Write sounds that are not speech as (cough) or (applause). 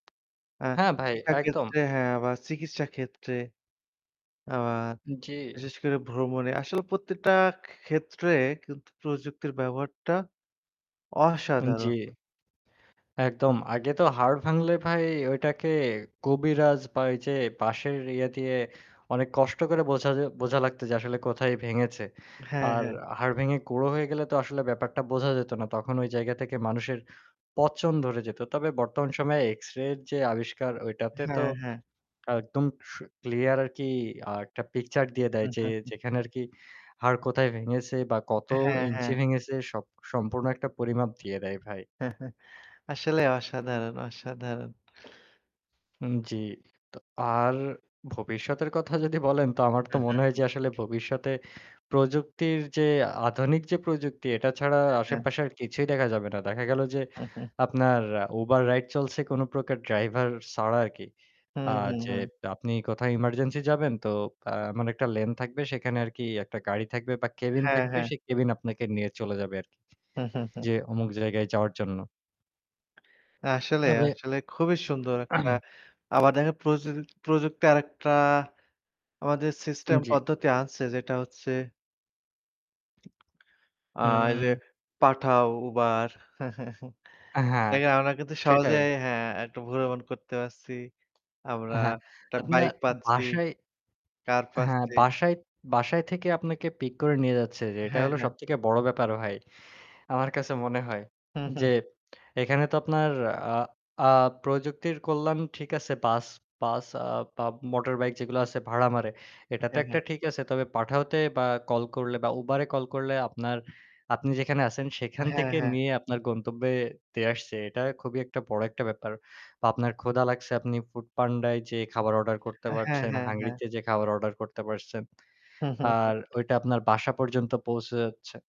আ হ্যাঁ ভাই, শিক্ষা একদম। ক্ষেত্রে হ্যাঁ বা চিকিৎসা ক্ষেত্রে। আ বা জ্বী। বিশেষ করে ভ্রমণে। আসলে প্রত্যেকটা খে ক্ষেত্রে কিন্তু প্রযুক্তির ব্যবহারটা উ অসাধারণ। জ্বী। একদম। আগে তো হাড় ভাঙলে ভাই ঐটাকে কবিরাজ বা ওই যে পাশের ইয়ে দিয়ে অনেক কষ্ট করে বোঝা জা বোঝা লাগতো যে আসলে কোথায় ভেঙেছে। হ্যাঁ, আর হ্যাঁ। হাড় ভেঙে গুড়ো হয়ে গেলে তো আসলে ব্যাপারটা বোঝা যেত না। তখন ঐ জায়গা থেকে মানুষের পচন ধরে যেত। তবে বর্তমান সময়ে এক্সরে এর যে আবিষ্কার ঐটাতে তো হ্যাঁ, হ্যাঁ। একদম স ক্লিয়ার আরকি আ একটা পিকচার দিয়ে দেয় যে (chuckles) যেখানে আরকি হাড় কোথায় ভেঙেছে বা কত হ্যাঁ, হ্যাঁ। ইঞ্চি ভেঙেছে স সম্পূর্ণ একটা পরিমাপ দিয়ে দেয় ভাই। (chuckles) আসলেও অসাধারণ, অসাধারণ। উ জ্বি। তো আর ভবিষ্যতের কথা যদি বলেন তো আমার তো মনে হয় যে আসলে (chuckles) ভবিষ্যতে প্রযুক্তির যে আধুনিক যে প্রযুক্তি এটা ছাড়া হ্যাঁ, হ্যাঁ। আশেপাশে আর কিছুই দেখা যাবে না। দেখা গেল যে (chuckles) আপনার Uber রাইড চলছে কোনো প্রকার ড্রাইভার ছাড়া আরকি। আ হুম, হুম, যে হুম। আপনি কোথাও এমার্জেন্সি যাবেন তো আ এমন একটা লেন থাকবে সেখানে আরকি একটা গাড়ি থাকবে বা ক্যাবিন হ্যাঁ, থাকবে হ্যাঁ। সেই ক্যাবিন আপনাকে নিয়ে চলে যাবে আরকি। (chuckles) যে অমুক জায়গায় যাওয়ার জন্য। আসলে, তবে আসলে খুবই সুন্দর একটা। (clears throat) আবার দেখ প্রযু প্রযুক্তি আরেকটা আমাদের উ সিস্টেম জ্বী। পদ্ধতি আনছে যেটা হচ্ছে আ এইযে হুম। Pathao Uber। (chuckles) হ্যাঁ, দেখেন আমরা কিন্তু সেটাই। সহজেই হ্যাঁ একটা ভ্রমণ করতে পারছি। আমরা হ্যাঁ, একটা আপনার বাইক পাচ্ছি, বাসায় কার হ্যাঁ, পাচ্ছি। বাসায় বাসায় থেকে আপনাকে পিক করে নিয়ে যাচ্ছে, যে এটা হ্যাঁ, হলো হ্যাঁ। সবথেকে বড় ব্যাপার ভাই। আমার কাছে মনে হয়। যে (chuckles) এখানে তো আপনার আ আ প্রযুক্তির কল্যাণ ঠিক আছে বাস বাস আ বা মোটরবাইক যেগুলা আছে ভাড়া মারে। এটা তো হ্যাঁ, একটা হ্যাঁ। ঠিক আছে। তবে Pathao তে বা কল করলে বা Uber এ কল করলে আপনার আপনি যেখানে আছেন সেখান হ্যাঁ, থেকে হ্যাঁ। নিয়ে আপনার গন্তব্যে দিয়ে আসছে। এটা খুবই একটা বড় একটা ব্যাপার। বা আপনার ক্ষুধা লাগছে আপনি foodpanda য় যেয়ে খাবার অর্ডার করতে হ্যাঁ, পারছেন, হ্যাঁ, হ্যাঁ। হাংরিতে যে খাবার অর্ডার করতে পারছেন। আর (chuckles) ওইটা আপনার বাসা পর্যন্ত পৌঁছে যাচ্ছে।